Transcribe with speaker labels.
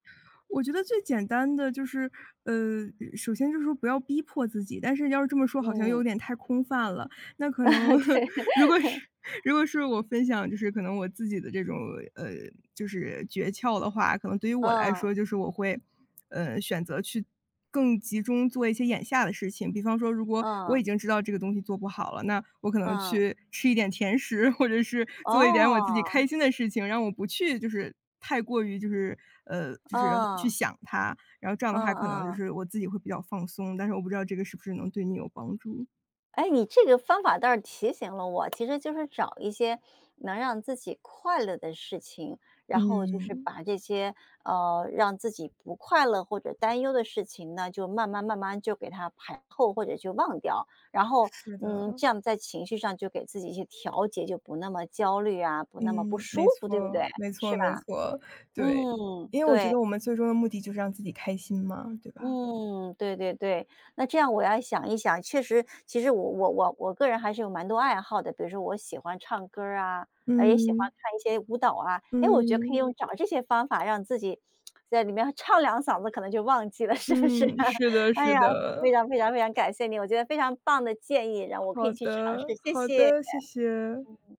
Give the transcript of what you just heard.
Speaker 1: 我觉得最简单的就是，呃，首先就是说不要逼迫自己，但是要是这么说好像又
Speaker 2: 嗯。
Speaker 1: 有点太空泛了。那可能 如果
Speaker 2: 对。
Speaker 1: 是如果是我分享，就是可能我自己的这种，呃，就是诀窍的话，可能对于我来
Speaker 2: 嗯。
Speaker 1: 说就是我会，呃，选择去，更集中做一些眼下的事情。比方说，如果我
Speaker 2: 嗯。
Speaker 1: 已经知道这个东西做不好了，那我可能
Speaker 2: 嗯。
Speaker 1: 去吃一点甜食，或者是做一点我自己开
Speaker 2: 哦。
Speaker 1: 心的事情，让我不去就是太过于，就是，呃，就是去
Speaker 2: 嗯。
Speaker 1: 想它。然后这样的
Speaker 2: 嗯
Speaker 1: 话可能就
Speaker 2: 嗯。
Speaker 1: 是我自己会比较放松，但是我不知道这个是不是能对你有帮助。
Speaker 2: 诶，你这个方法倒是提醒了我，其实就是找一些，能让自己快乐的事情，然后就是
Speaker 1: 嗯。
Speaker 2: 把这些，呃，让自己不快乐或者担忧的事情呢，就慢慢慢慢就给它排后，或者就忘掉，然后，
Speaker 1: 是
Speaker 2: 嗯，
Speaker 1: 的。
Speaker 2: 这样在情绪上就给自己去调节，就不那么焦虑啊，不那么不
Speaker 1: 嗯，
Speaker 2: 舒
Speaker 1: 没
Speaker 2: 服，
Speaker 1: 错
Speaker 2: 对不
Speaker 1: 儿
Speaker 2: 对？
Speaker 1: 没错
Speaker 2: 是
Speaker 1: 没
Speaker 2: 吧？
Speaker 1: 错，对，
Speaker 2: 嗯。
Speaker 1: 因为我觉
Speaker 2: 对。
Speaker 1: 得我们最终的目的就是让自己开心嘛，对吧？
Speaker 2: 嗯，对对对，那这样我要想一想，确实其实我我我我个人还是有蛮多爱好的，比如说我喜欢唱歌儿啊，诶也喜欢
Speaker 1: 嗯。
Speaker 2: 看一些舞蹈啊。诶我觉得可以
Speaker 1: 嗯。
Speaker 2: 用找这些方法让自己，在里面唱两嗓子，可能就忘记了是不是
Speaker 1: 嗯，
Speaker 2: 啊？
Speaker 1: 是的
Speaker 2: 哎
Speaker 1: 是
Speaker 2: 呀，非
Speaker 1: 的。
Speaker 2: 常非常非常感谢你，我觉得非常棒的建议让我可
Speaker 1: 好
Speaker 2: 以去尝试，
Speaker 1: 的
Speaker 2: 谢
Speaker 1: 好
Speaker 2: 谢。嗯
Speaker 1: 的。
Speaker 2: 嗯。
Speaker 1: 谢谢。